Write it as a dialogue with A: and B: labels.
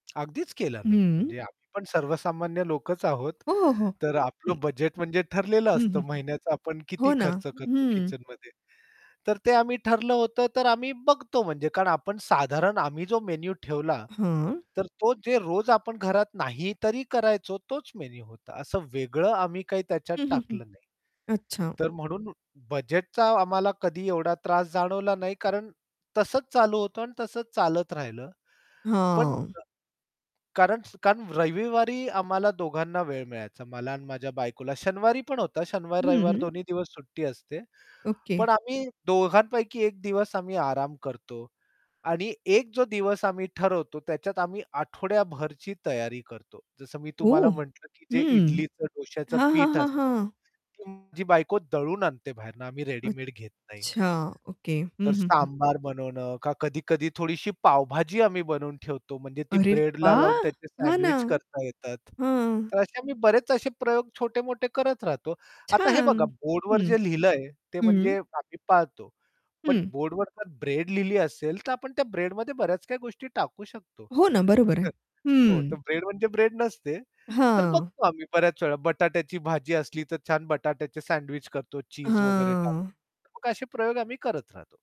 A: अगदीच केला ना.
B: हं.
A: म्हणजे आम्ही पण सर्वसामान्य लोकंच आहोत.
B: हो, हो.
A: तर
B: हं.
A: आपलं बजेट म्हणजे ठरलेलं
B: हं, हं,
A: असतं,
B: हं.
A: महिन्याचा आपण
B: हो
A: किती
B: ना.
A: खर्च करतो
B: हं.
A: किचनमध्ये. तर ते आम्ही ठरलं होतं तर आम्ही बघतो. म्हणजे कारण आपण साधारण आम्ही जो मेनू ठेवला
B: हं.
A: तर तो जे रोज आपण घरात नाही तरी करायचो तोच मेनू होता, असं वेगळं आम्ही काही त्याच्यात
B: हं, हं, हं.
A: टाकलं नाही.
B: अच्छा.
A: तर म्हणून बजेटचा आम्हाला कधी एवढा त्रास जाणवला नाही, कारण तसंच चालू होतं आणि तसचं चालत राहिलं. पण
B: हां.
A: क कारण कारण रविवारी आम्हाला दोघांना वेळ मिळायचा मला आणि माझ्या बायकोला शनिवारी पण होता. शनिवार-रविवार
B: हं.
A: दोन्ही दिवस सुट्टी असते.
B: ओके.
A: पण आम्ही दोघांपैकी एक दिवस आम्ही आराम करतो आणि एक जो दिवस आम्ही ठरवतो, त्याच्यात आम्ही आठवड्याभरची तयारी करतो. जसं मी तुम्हाला
B: ओह!
A: म्हटलं की जे
B: हं.
A: इडलीचं, डोश्याचं
B: हां, हां,
A: पीठ
B: हां,
A: असतं
B: हां.
A: ते माझी बायको दळून आणते बाहेरनं आम्ही रेडीमेड घेत नाही.
B: अच्छा. ओके. हं,
A: तर
B: हं, हं.
A: सांबार बनवणं का कधी-कधी थोडीशी पावभाजी आम्ही बनवून ठेवतो म्हणजे ती
B: अरे
A: ब्रेडला लावून
B: वाह!
A: त्याचे
B: हां ना.
A: सँडविच करता येतात.
B: हं.
A: तर असे आम्ही बरेच असे प्रयोग छोटे-मोठे करत राहतो. आता हे
B: छान.
A: बघा बोर्डवर
B: हं,
A: जे लिहिलंय ते
B: हं.
A: म्हणजे आम्ही पाळतो. पण
B: हं.
A: बोर्डवर जर ब्रेड लिहिली असेल तर आपण त्या ब्रेडमध्ये बऱ्याच काही गोष्टी टाकू शकतो.
B: हो ना. बरोबर आहे.
A: हं. हो,
B: हं.
A: तर ब्रेड म्हणजे ब्रेड नसते. तर
B: हां.
A: बघतो आम्ही बऱ्याच वेळा बटाट्याची भाजी असली तर छान बटाट्याचे सँडविच करतो चीज वगैरे टाकून,
B: हां.
A: मग असे प्रयोग आम्ही करत राहतो.